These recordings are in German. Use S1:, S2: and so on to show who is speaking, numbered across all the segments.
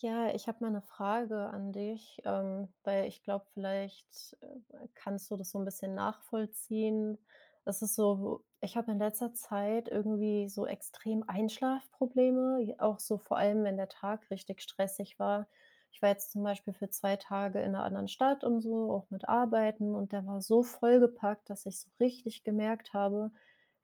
S1: Ja, ich habe mal 'ne Frage an dich. Ähm, weil ich glaube, vielleicht, äh, kannst du das so 'n bisschen nachvollziehen. Das ist so, ich habe in letzter Zeit irgendwie so extrem Einschlafprobleme, j auch so vor allem, wenn der Tag richtig stressig war. Ich war jetzt zum Beispiel für 2 Tage in 'ner anderen Stadt und so, auch mit Arbeiten, und der war so vollgepackt, dass ich so richtig gemerkt habe,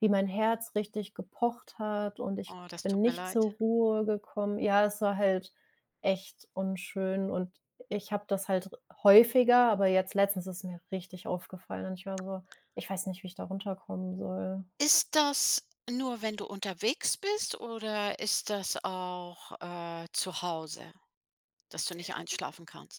S1: wie mein Herz richtig gepocht hat und ich
S2: Oh, das
S1: bin
S2: tut mir
S1: nicht
S2: leid.
S1: zur Ruhe gekommen. Ja, das war halt echt unschön. Und ich habe das halt r häufiger. Aber jetzt letztens ist es mir richtig aufgefallen. Und ich war so, ich weiß nicht, wie ich da runterkommen soll.
S2: Ist das nur, wenn du unterwegs bist, oder ist das auch, äh, zu Hause, dass du nicht einschlafen kannst?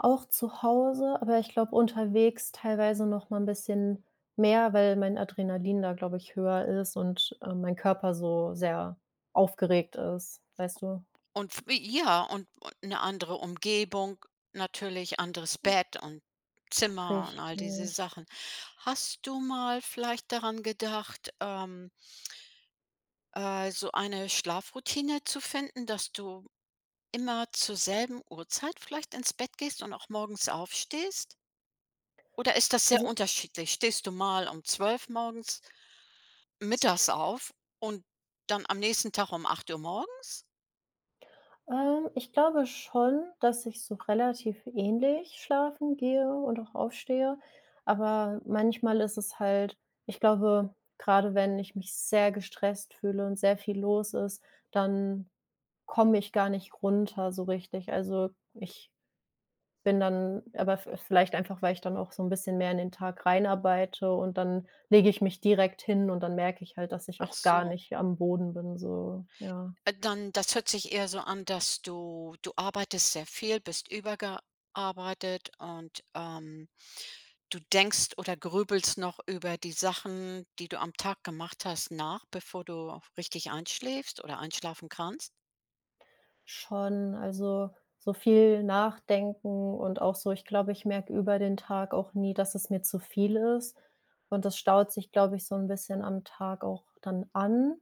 S1: Auch zu Hause, aber ich glaube unterwegs teilweise noch mal 'n bisschen mehr, weil mein Adrenalin da, glaube ich, höher ist und, äh, mein Körper so sehr aufgeregt ist, weißt du?
S2: Und wie ja, und, äh, 'ne andere Umgebung, natürlich anderes
S1: [unintelligible]
S2: Bett und Zimmer und all diese
S1: Richtig.
S2: Sachen. Hast du mal vielleicht daran gedacht, ähm äh, so eine Schlafroutine zu finden. Dass du immer zur selben Uhrzeit vielleicht ins Bett gehst und auch morgens aufstehst? Oder ist das sehr
S1: Also
S2: unterschiedlich? Stehst du mal um 12 morgens mittags auf und dann am nächsten Tag um 8:00 morgens?
S1: Äh, ich glaube schon, dass ich so relativ ähnlich schlafen gehe und auch aufstehe, aber manchmal ist es halt ich glaube, gerade wenn ich mich sehr gestresst fühle und sehr viel los ist, dann komme ich gar nicht runter, so richtig. Also, ich bin dann aber v vielleicht einfach, weil ich dann auch so 'n bisschen mehr in den Tag rein arbeite und dann lege ich mich direkt hin und dann merke ich halt, dass ich
S2: Ach
S1: auch gar
S2: so.
S1: nicht am Boden bin, so, ja.
S2: Äh, dann das hört sich eher so an, dass du du arbeitest sehr viel, bist überarbeitet und, ähm, du denkst oder grübelst noch über die Sachen, die du am Tag gemacht hast nach, bevor du richtig einschläfst oder einschlafen kannst?
S1: Schon, also, so viel nachdenken und auch so ich glaube, ich merke über den Tag auch nie, dass es mir zu viel ist. Und das staut sich glaube ich so 'n bisschen am Tag auch dann an.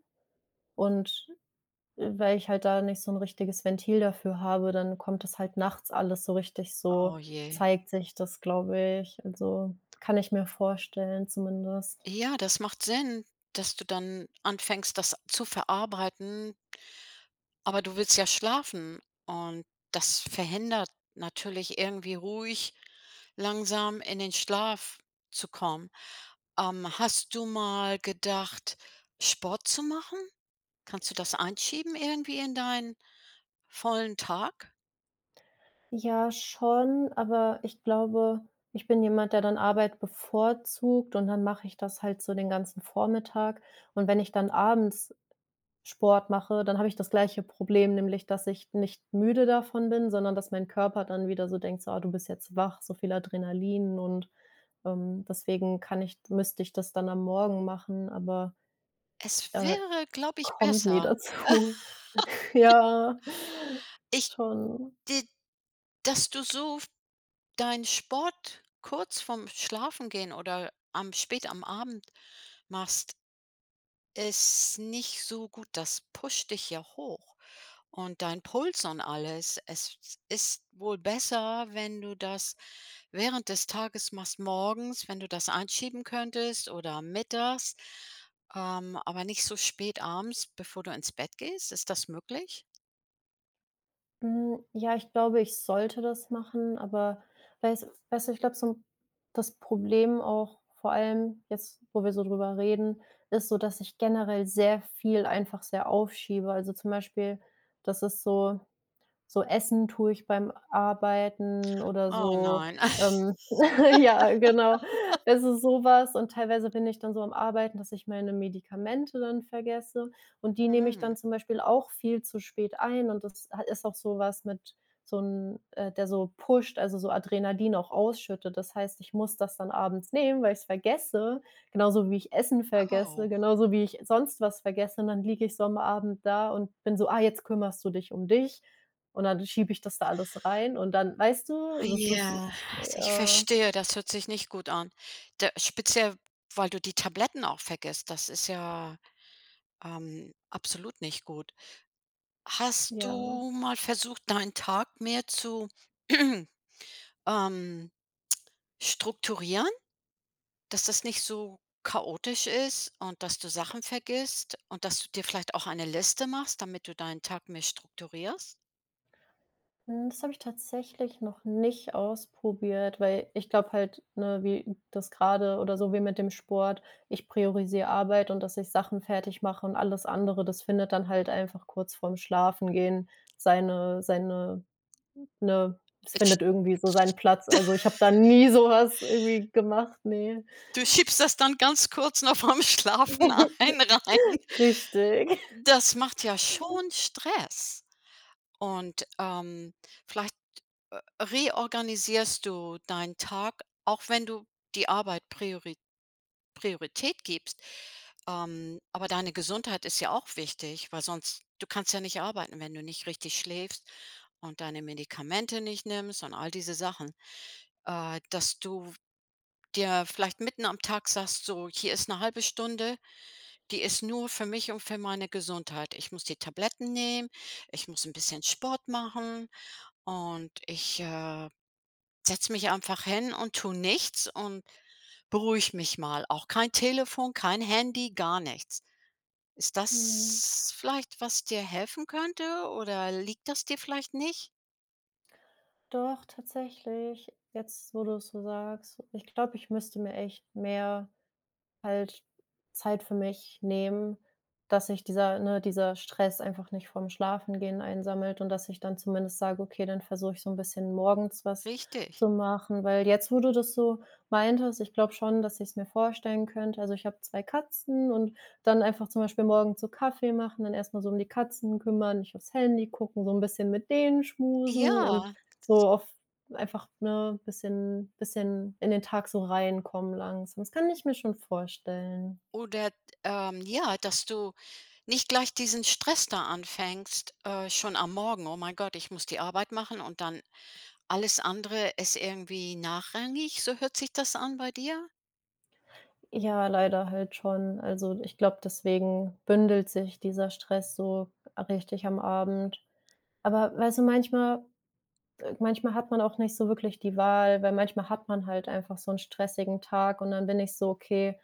S1: Und, äh, weil ich halt da nicht so 'n richtiges Ventil dafür habe, dann kommt das halt nachts alles so richtig so
S2: Oh je.
S1: zeigt sich das, glaube ich. Also, kann ich mir vorstellen, zumindest.
S2: Ja, das macht Sinn, dass du dann anfängst, das zu verarbeiten aber du willst ja schlafen und das verhindert natürlich irgendwie ruhig, langsam in den Schlaf zu kommen. Ähm, hast du mal gedacht, Sport zu machen? Kannst du das einschieben irgendwie in deinen vollen Tag?
S1: Ja schon, aber ich glaube, ich bin jemand, der dann Arbeit bevorzugt, und dann mache ich das halt so den ganzen Vormittag. Und wenn ich dann abends Sport mache, dann habe ich das gleiche Problem. Nämlich, dass ich nicht müde davon bin, sondern dass mein Körper dann wieder so denkt: „So ah, du bist jetzt wach“, so viel Adrenalin und ähm, deswegen kann ich müsste ich das dann am Morgen machen, aber,
S2: Es
S1: äh, das
S2: wäre, glaube ich,
S1: kommt nie
S2: besser.
S1: dazu. Ja,
S2: Ich
S1: schon.
S2: die dass du so f deinen Sport kurz vorm Schlafengehen oder am spät am Abend machst ist nicht so gut, das pusht dich ja hoch und dein Puls und alles. Es ist wohl besser, wenn du das während des Tages machst, morgens, wenn du das einschieben könntest oder mittags, ähm, aber nicht so spät abends, bevor du ins Bett gehst. Ist das möglich?
S1: Hm, ja, ich glaube, ich sollte das machen, aber weiß weißt du, ich glaube, so 'n das Problem auch, vor allem jetzt, wo wir so drüber reden, ist so, dass ich generell sehr viel einfach sehr aufschiebe. Also, zum Beispiel, dass es so so Essen tue ich beim Arbeiten oder
S2: Oh
S1: so
S2: nein.
S1: ähm, ja, genau. Das ist sowas, und teilweise bin ich dann so am Arbeiten, dass ich meine Medikamente dann vergesse, und die nehme ich
S2: Mhm.
S1: dann zum Beispiel auch viel zu spät ein. Und das ha ist auch sowas mit so 'n äh, der so pusht, also, so Adrenalin auch ausschüttet. Das heißt, ich muss das dann abends nehmen, weil ich's vergesse, genauso wie ich Essen vergesse,
S2: Oh.
S1: genauso wie ich sonst was vergesse und dann liege ich so am Abend da und bin so: „Ah, jetzt kümmerst du dich um dich.“ Und dann schiebe ich das da alles rein und dann, weißt du,
S2: Hei
S1: das ist,
S2: ja, also ich
S1: äh
S2: verstehe, das hört sich nicht gut an. Da speziell, weil du die Tabletten auch vergisst, das ist ja, ähm, absolut nicht gut. Hast
S1: Ja.
S2: du mal versucht, deinen Tag mehr zu, ähm, strukturieren, dass das nicht so chaotisch ist und dass du Sachen vergisst und dass du dir vielleicht auch eine Liste machst, damit du deinen Tag mehr strukturierst?
S1: Mhm. Das habe ich tatsächlich noch nicht ausprobiert, weil ich glaube halt, ne, wie das gerade oder so wie mit dem Sport, ich priorisiere Arbeit und dass ich Sachen fertig mache und alles andere, das findet dann halt einfach kurz vorm Schlafengehen, seine seine ne, das
S2: Ich
S1: findet irgendwie so seinen Platz. Also, ich habe da nie sowas irgendwie gemacht, ne.
S2: Du schiebst das dann ganz kurz noch vorm Schlafen ein rein.
S1: Richtig.
S2: Das macht ja schon Stress. Und, ähm, vielleicht, äh, reorganisierst du deinen Tag, auch wenn du die Arbeit Priori Priorität gibst. Ähm, aber deine Gesundheit ist ja auch wichtig, weil sonst du kannst ja nicht arbeiten, wenn du nicht richtig schläfst und deine Medikamente nicht nimmst und all diese Sachen. Äh, dass du dir vielleicht mitten am Tag sagst so: „Hier ist 'ne 0.5 Stunde. Die ist nur für mich und für meine Gesundheit. Ich muss die Tabletten nehmen, ich muss 'n bisschen Sport machen und ich, äh, setze mich einfach hin und tue nichts und beruhige mich mal. Auch kein Telefon, kein Handy, gar nichts.” Ist
S1: Mhm.
S2: das vielleicht, was dir helfen könnte, oder liegt das dir vielleicht nicht?
S1: Doch, tatsächlich. Jetzt, wo du es so sagst, ich glaube, ich müsste mir echt mehr halt Zeit für mich nehmen, dass sich dieser, ne dieser Stress einfach nicht vorm Schlafengehen einsammelt und dass ich dann zumindest sage: „Okay, dann versuche ich so 'n bisschen morgens was
S2: Richtig.
S1: zu machen“. Weil jetzt, wo du das so meintest, ich glaube schon, dass ich's mir vorstellen könnte. Also, ich habe 2 Katzen und dann einfach zum Beispiel morgens so Kaffee machen, dann erstmal so um die Katzen kümmern, nicht aufs Handy gucken, so 'n bisschen mit denen schmusen und
S2: Ja.
S1: so oft einfach, ne, bisschen bisschen in den Tag so reinkommen langsam. Das kann ich mir schon vorstellen.
S2: Oder, ähm, ja, dass du nicht gleich diesen Stress da anfängst, äh, schon am Morgen. „Oh mein Gott, ich muss die Arbeit machen und dann alles andere ist irgendwie nachrangig,” so hört sich das an bei dir?
S1: Ja, leider halt schon. Also, ich glaube, deswegen bündelt sich dieser Stress so richtig am Abend. Aber, weißt du, manchmal äh, manchmal hat man auch nicht so wirklich die Wahl, weil manchmal hat man halt einfach so 'n stressigen Tag und dann bin ich so: „Okay“,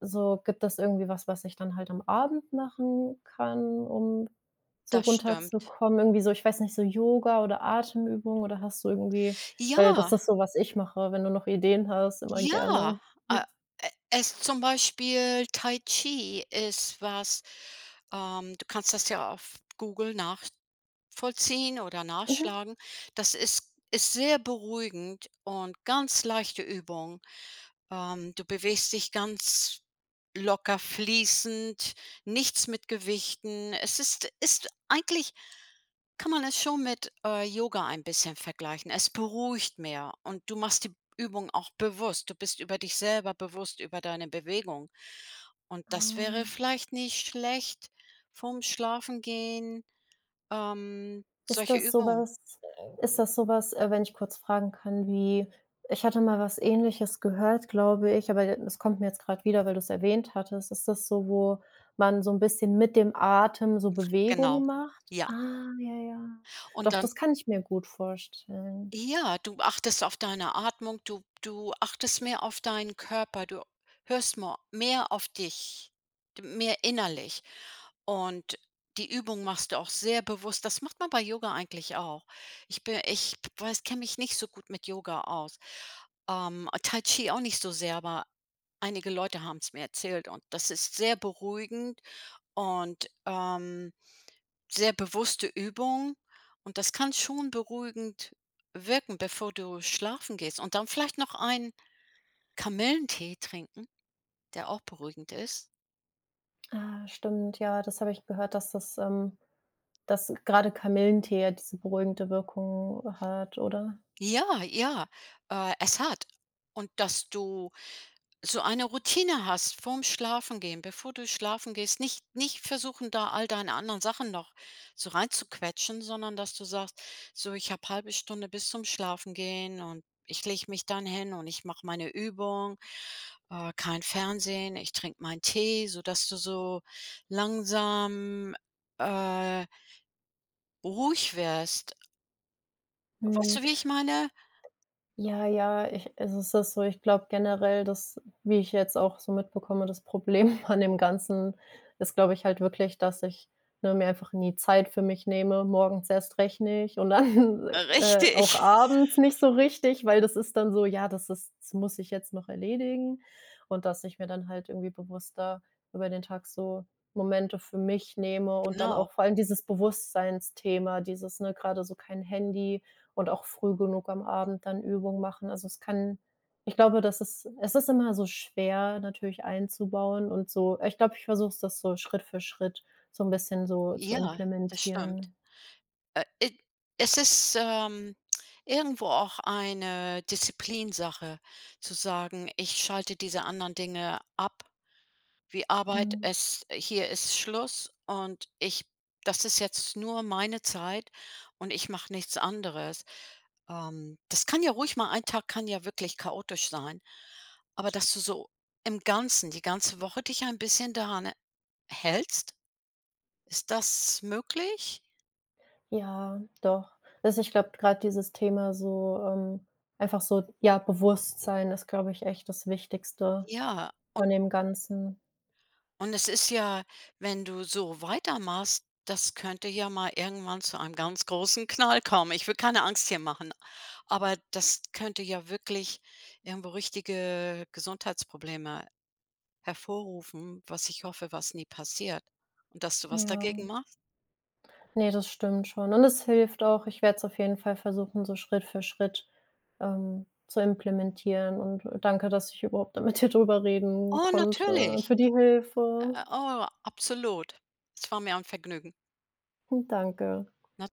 S1: so, gibt es irgendwie was, was ich dann halt am Abend machen kann, um so
S2: Das stimmt.
S1: runterzukommen? Irgendwie so, ich weiß nicht, so Yoga oder Atemübung oder hast du irgendwie weil das
S2: Ja.
S1: ist so, was ich mache, wenn du noch Ideen hast, immer
S2: Ja,
S1: gerne,
S2: äh,
S1: hm.
S2: äh, es zum Beispiel Tai Chi ist was, ähm, du kannst das ja auf Google nachvollziehen oder
S1: Mhm.
S2: nachschlagen. Das ist ist sehr beruhigend und ganz leichte Übung. Ähm, du bewegst dich ganz locker fließend, nichts mit Gewichten. Es ist ist eigentlich kann man es schon mit, äh, Yoga ein bisschen vergleichen. Es beruhigt mehr, und du machst die Übung auch bewusst. Du bist über dich selber bewusst, über deine Bewegung. Und das wäre
S1: Ah.
S2: vielleicht nicht schlecht vorm Schlafengehen, ähm,
S1: Ist
S2: solche
S1: das
S2: Übungen.
S1: sowas ist das sowas, äh, wenn ich kurz fragen kann, wie, ich hatte mal was Ähnliches gehört, glaube ich, aber d es kommt mir jetzt gerade wieder, weil du es erwähnt hattest. Ist das so, wo man so 'n bisschen mit dem Atem so
S2: Genau,
S1: Bewegungen macht?
S2: ja.
S1: Ah ja, ja.
S2: Und
S1: Doch,
S2: dann
S1: das kann ich mir gut vorstellen.
S2: Ja, du achtest auf deine Atmung, du du achtest mehr auf deinen Körper, du hörst ma mehr auf dich, d mehr innerlich. Und die Übung machst du auch sehr bewusst. Das macht man bei Yoga eigentlich auch. Ich bi ich w weiß kenne mich nicht so gut mit Yoga aus. Ähm, ah, Tai Chi auch nicht so sehr, aber einige Leute haben es mir erzählt und das ist sehr beruhigend. Und, ähm, sehr bewusste Übung, und das kann schon beruhigend wirken, bevor du schlafen gehst. Und dann vielleicht noch ein Kamillentee trinken, der auch beruhigend ist.
S1: Ah, stimmt, ja, das habe ich gehört, dass das, ähm dass gerade Kamillentee ja diese beruhigende Wirkung hat, oder?
S2: Ja, ja, äh, es hat. Und dass du so eine Routine hast vorm Schlafengehen, bevor du schlafen gehst. Nicht nicht versuchen da all deine anderen Sachen noch so reinzuquetschen, sondern dass du sagst: „So ich habe 1/2 Stunde bis zum Schlafengehen und ich lege mich dann hin und ich mache meine Übung, äh, kein Fernsehen, ich trinke meinen Tee“, so dass du so langsam, äh ruhig wirst. Weißt
S1: Mhm.
S2: du, wie ich meine?
S1: Ja, ja, ich es ist auch so, ich glaube generell, dass, wie ich jetzt auch so mitbekomme, das Problem an dem Ganzen ist, glaube ich halt wirklich, dass ich, ne, mir einfach nie Zeit für mich nehme, morgens erst recht nicht und dann,
S2: Äh,
S1: äh, auch
S2: richtig.
S1: abends nicht so richtig, weil das ist dann so: „Ja, das ist das muss ich jetzt noch erledigen“, und, dass ich mir dann halt irgendwie bewusster über den Tag so Momente für mich nehme und dann
S2: Genau.
S1: auch vor allem dieses Bewusstseinsthema, dieses, ne, gerade so kein Handy und auch früh genug am Abend dann Übungen machen. Also, es kann ich glaube, das ist es ist immer so schwer natürlich einzubauen und so äh, ich glaube, ich versuche es das so Schritt für Schritt so 'n bisschen so zu
S2: Ja, das stimmt.
S1: implementieren.
S2: Äh, id es ist, ähm, irgendwo auch eine Disziplinsache zu sagen: „Ich schalte diese anderen Dinge ab, wie Arbeit,
S1: Mhm.
S2: es hier ist Schluss und ich das ist jetzt nur meine Zeit und ich mache nichts anderes.“ Ähm, das kann ja ruhig mal 1 Tag kann ja wirklich chaotisch sein. Aber, dass du so im Ganzen, die ganze Woche dich ein bisschen daran, äh, hältst. Ist das möglich?
S1: Ja, doch. Also, ich glaube d gerade dieses Thema so ähm, einfach so ja, Bewusstsein ist, glaube ich, echt das Wichtigste
S2: Ja
S1: von
S2: und
S1: dem Ganzen.
S2: und es ist ja wenn du so weiter machst, das könnte ja mal irgendwann zu einem ganz großen Knall kommen. Ich will keine Angst hier machen, aber das könnte ja wirklich irgendwo richtige Gesundheitsprobleme hervorrufen, was ich hoffe, was nie passiert. Und dass du was dagegen
S1: Ja.
S2: machst.
S1: Ne, das stimmt schon. Und es hilft auch. Ich werde es auf jeden Fall versuchen, so Schritt für Schritt, ähm, zu implementieren, und, äh, danke, dass ich überhaupt da mit dir drüber reden
S2: Oh,
S1: konnte, und
S2: natürlich.
S1: für die Hilfe.
S2: Äh, oh, absolut. Es war mir ein Vergnügen.
S1: Hm, danke.
S2: Na